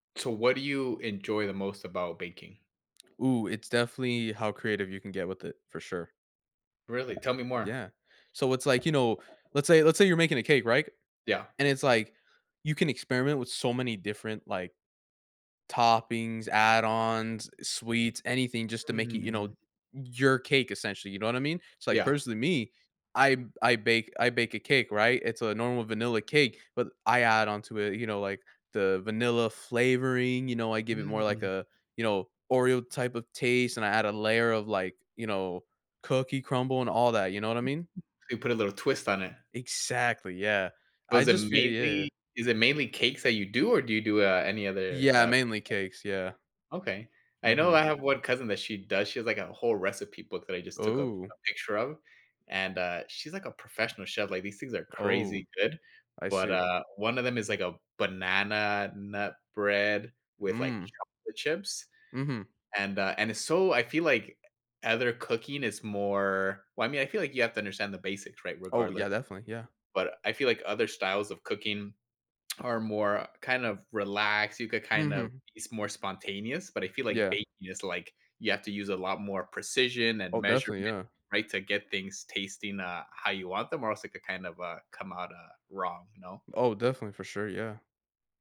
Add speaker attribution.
Speaker 1: So what do you enjoy the most about baking?
Speaker 2: Ooh, it's definitely how creative you can get with it, for sure.
Speaker 1: Really? Tell me more.
Speaker 2: Yeah. So it's, like, you know, let's say let's say you're making a cake, right?
Speaker 1: Yeah.
Speaker 2: And it's like, you can experiment with so many different, like, toppings, add-ons, eh, sweets, anything just to make it, you
Speaker 1: Mm.
Speaker 2: know, your cake, essentially, you know what I mean? It's, like,
Speaker 1: Yeah.
Speaker 2: personally, me, I b I bake I bake a cake, right? It's a normal vanilla cake, but I add onto it, you know, like, the vanilla flavoring, you know, I give it more like
Speaker 1: Mm.
Speaker 2: a you know, Oreo type of taste, and I add a layer of, like, you know, cookie crumble and all that, you know what I mean?
Speaker 1: You put a little twist on it.
Speaker 2: Exactly, yeah. I
Speaker 1: Was it
Speaker 2: just feel yeah.
Speaker 1: mainly is it mainly cakes that you do, or do you do, uh, any other,
Speaker 2: Yeah,
Speaker 1: uh
Speaker 2: mainly cakes, yeah.
Speaker 1: [unintelligible] Okay. I know
Speaker 2: Mhm.
Speaker 1: I have one cousin that she does she has, like, a whole recipe book that I just took a a
Speaker 2: Ooh.
Speaker 1: picture of, and, uh, she's, like, a professional chef, like, these things are
Speaker 2: Oh,
Speaker 1: crazy good,
Speaker 2: I
Speaker 1: but,
Speaker 2: see.
Speaker 1: uh, one of them is, like, a banana nut bread with, like,
Speaker 2: Mm.
Speaker 1: chocolate chips,
Speaker 2: Mhm.
Speaker 1: and, uh and it's so I feel like either cooking is more well, I mean, I feel like you have to understand the basics, right,
Speaker 2: Oh,
Speaker 1: regardless.
Speaker 2: yeah, definitely, yeah.
Speaker 1: But I feel like other styles of cooking are more, kind of, relaxed, you could kind of
Speaker 2: Mhm.
Speaker 1: it's more spontaneous, but I feel like
Speaker 2: Yeah.
Speaker 1: baking is, like you have to use a lot more precision and
Speaker 2: Oh, definitely,
Speaker 1: measurement,
Speaker 2: yeah.
Speaker 1: right, to get things tasting, uh, how you want them, or else it could kind of, uh, come out, uh, wrong, you know?
Speaker 2: Oh, definitely, for sure, yeah.